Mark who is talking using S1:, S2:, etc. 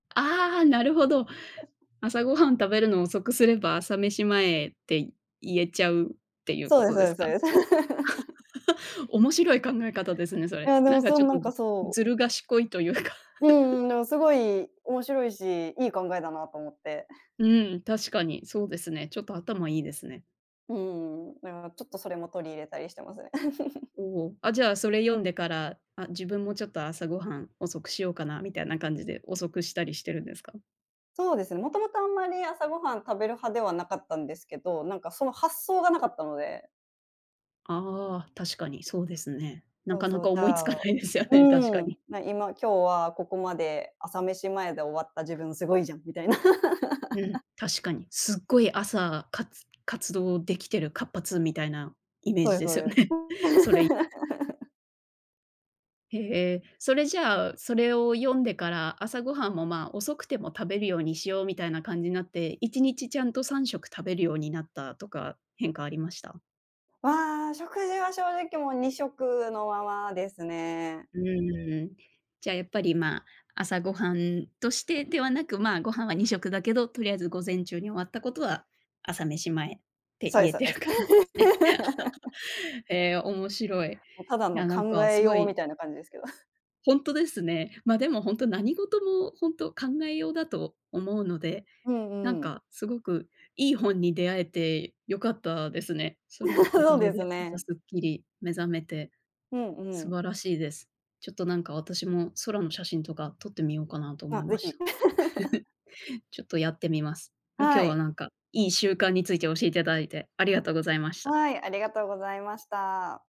S1: ああ、なるほど。朝ごはん食べるの遅くすれば、朝飯前って言えちゃうっていう
S2: そ
S1: こ
S2: うです
S1: と
S2: そ
S1: です
S2: う
S1: か？
S2: ですそうです。
S1: 面白い考え方ですね、そ
S2: い
S1: れ。
S2: や [unintelligible] な
S1: なんかちょっと、
S2: んか
S1: ん、
S2: そう。
S1: ずる賢いというか。
S2: うんうん。の、すごい面白いし、いい考えだなと思って。
S1: うん、確かに、そうですね。ちょっと頭いいですね。
S2: うん。だからちょっとそれも取り入れたりしてますね。
S1: おお、あ、じゃあ、それ読んでから、あ、自分もちょっと朝ごはん遅くしようかなみたいな感じで遅くしたりしてるんですか？
S2: そうですね。もともとあんまり、朝ごはん食べる派ではなかったんですけど、なんかその発想がなかったので。
S1: ああ、確かにそうですね。な
S2: そう
S1: かな
S2: そう、
S1: か
S2: じ
S1: 思い
S2: ゃ
S1: つか
S2: う
S1: ないですよね、確か
S2: ーん、
S1: に。
S2: な、今今日はここまで朝飯前で終わった自分すごいじゃんみたいな。
S1: うん、確かに。すっごい朝、活活動できてる活発みたいなイメー
S2: そう
S1: ジ
S2: です
S1: で
S2: そう
S1: すよ
S2: です。
S1: ね、それい へえ、それじゃあ、それを読んでから、朝ごはんも、ま、遅くても食べるようにしようみたいな感じになって、1日ちゃんと3食食べるようになったとか、変化ありました？
S2: は、食事は正直もう2食のままですね。
S1: うーん。じゃあやっぱり、ま、朝ごはんとしてではなく、ま、ご飯は2食だけど、とりあえず午前中に終わったことは、朝飯前って
S2: そう
S1: 言
S2: です
S1: え
S2: そう
S1: て
S2: で
S1: る
S2: す。
S1: 感じですね。ええ、面白い。い
S2: も、ただの
S1: やなん
S2: 考
S1: か
S2: え
S1: すご
S2: よう
S1: い
S2: みたいな感じですけど。
S1: ほんとですね。ま、でもほんと、何事もほんと考えようだと思うので、
S2: うん
S1: なん
S2: うん。
S1: かすごくいい本に出会えて良かったですね。それの お
S2: そ
S1: か
S2: う
S1: げ
S2: です
S1: で朝
S2: ね。
S1: すっきり目覚めて、
S2: うんう
S1: 素
S2: ん。
S1: 晴らしいです。ちょっとなんか私も空の写真とか撮ってみようかなと思
S2: あ、
S1: いま
S2: ぜ
S1: し
S2: ひ。
S1: た。ちょっとやってみます。ん、今日
S2: は
S1: は
S2: い。
S1: なんかいい習慣について教えてだいて、ありがとうございました。
S2: はい、ありがとうございました。